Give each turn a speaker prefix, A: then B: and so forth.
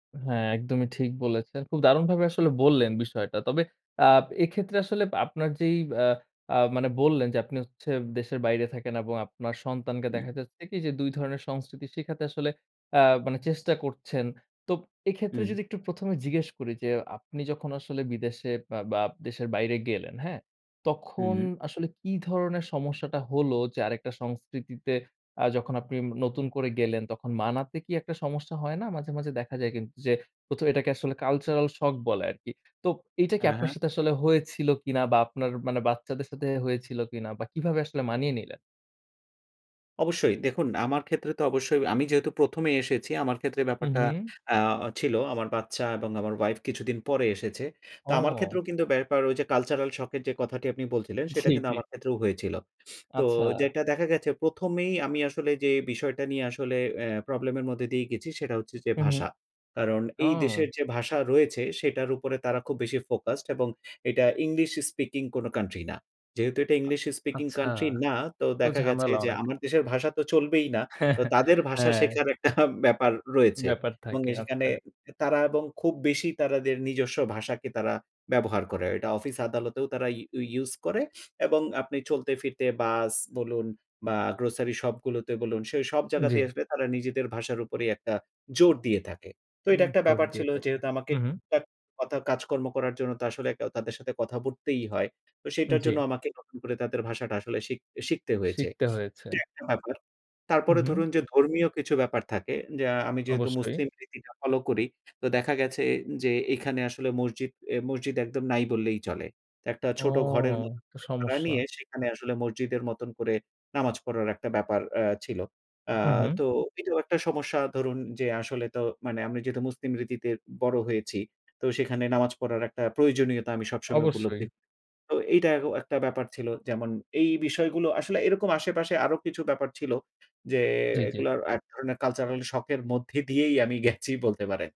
A: হ্যাঁ, একদমই ঠিক বলেছেন। খুব দারুণভাবে আসলে বললেন বিষয়টা। তবে আ এক্ষেত্রে আসলে আপনার যেই আ অ্যা মানে বললেন যে আপনি হচ্ছে দেশের বাইরে থাকেন এবং আপনার সন্তানকে
B: উম
A: দেখা যাচ্ছে কি যে ২ ধরনের সংস্কৃতি শিখাতে আসলে অ্যা মানে চেষ্টা করছেন। তো এক্ষেত্রে
B: হু।
A: যদি একটু ১ম এ জিজ্ঞেস করি যে আপনি যখন আসলে বিদেশে বা বা দেশে বাইরে গেলেন হ্যাঁ?
B: হু,
A: তখন
B: হু।
A: আসলে কি ধরনের সমস্যাটা হলো যে আরেকটা সংস্কৃতিতে আ যখন আপনি নতুন করে গেলেন তখন মানাতে কি একটা সমস্যা হয় না? মাঝে, মাঝে দেখা যায় কিন্তু যে প্রথ এটাকে আসলে কালচারাল শক বলে আরকি। তো এইটা কি
B: হ্যাঁ,
A: আপনার
B: হ্যাঁ।
A: সাথে আসলে হয়েছিল কিনা বা আপনার মানে বাচ্চাদের সাথে হয়েছিল কিনা বা কিভাবে আসলে মানিয়ে নিলেন?
B: অবশ্যই দেখুন আমার ক্ষেত্রে তো অবশ্যই আমি যেহেতু ১ম এ এসেছি আমার ক্ষেত্রে
A: হুম,
B: ব্যাপারটা
A: হু।
B: আ ছিল আমার বাচ্চা এবং আমার ওয়াইফ কিছুদিন পরে এসেছে। তো আমার
A: ও!
B: ক্ষেত্রেও কিন্তু ব্যাপার ওই যে কালচারাল শক এর যে কথাটি আপনি বলছিলেন সেটা
A: জি,
B: কিন্তু
A: জি।
B: আমার ক্ষেত্রেও হয়েছিল। তো
A: আচ্ছা।
B: যেটা দেখা গেছে ১ম এই আমি আসলে যেই বিষয়টা নিয়ে আসলে অ্যা প্রবলেম এর মধ্যে দিয়েই গেছি সেটা হচ্ছে যে
A: হু, হু।
B: ভাষা। কারণ এই দেশের
A: ও!
B: যে ভাষা রয়েছে সেটার উপরে তারা খুব বেশি ফোকাসড এবং এটা ইংলিশ স্পিকিং কোনো কান্ট্রি না। যেহেতু এটা
A: আ
B: ইংলিশ স্পিকিং
A: আচ্ছা।
B: কান্ট্রি না তো
A: তো
B: দেখা গেছে
A: ঝামেলা
B: যে
A: অনেক।
B: আমার দেশের ভাষা তো চলবেই না। তো তাদের ভাষা
A: হ্যাঁ।
B: শেখার একটা ব্যাপার রয়েছে
A: ব্যাপার
B: এবং
A: থাকে,
B: সেখানে
A: আচ্ছা।
B: তারা এবং খুব বেশি তারা দের নিজস্ব ভাষাকে তারা ব্যবহার করে। এটা অফিস আদালতেও তারা ইউ ইউস করে এবং আপনি চলতে ফিরতে বাস বলুন বা গ্রোসারি শপ গুলোতে বলুন সেই সব
A: জি।
B: জায়গাতেই আসলে তারা নিজেদের ভাষার উপরেই একটা জোর দিয়ে থাকে। তো এটা একটা
A: জোর
B: ব্যাপার
A: দিয়ে
B: ছিল
A: থাকে।
B: যেহেতু আমাকে
A: হু, হু।
B: টুকটাক অর্থাৎ কাজকর্ম করার জন্য তো আসলে ক তাদের সাথে কথা বলতেই হয়। তো সেটার জন্য
A: জি।
B: আমাকে নতুন করে তাদের ভাষাটা আসলে সিক শিখতে হয়েছে।
A: শিখতে হয়েছে।
B: এটা একটা ব্যাপার।
A: হু,
B: তারপরে
A: হু।
B: ধরুন যে ধর্মীয় কিছু ব্যাপার থাকে যে আমি যেহেতু
A: অবশ্যই।
B: মুসলিম রীতিটা ফলো করি তো দেখা গেছে যে এখানে আসলে মসজিদ এ মসজিদ একদম নাই বললেই চলে। তো একটা
A: ও!
B: ছোট ঘরের মত
A: এ তো
B: করে ভাড়া
A: সমস্যা।
B: নিয়ে সেখানে আসলে মসজিদের মতন করে নামাজ পড়ার একটা ব্যাপার আ ছিল। অ্যা
A: হু, হু, হু।
B: তো এটাও একটা সমস্যা ধরুন যে আসলে তো মানে আমি যেহেতু মুসলিম রীতিতে বড় হয়েছি, তো সেখানে নামাজ পড়ার একটা প্রয়োজনীয়তা আমি সবসময়
A: অবশ্যই।
B: উপলব্ধি। তো এইটা অ একটা ব্যাপার ছিল। যেমন এই বিষয়গুলো আসলে এরকম আশেপাশে আরো কিছু ব্যাপার ছিল যে
A: জি, জি।
B: এগুলা এক ধরনের কালচারাল শক এর মধ্যে দিয়েই আমি গেছি বলতে পারেন।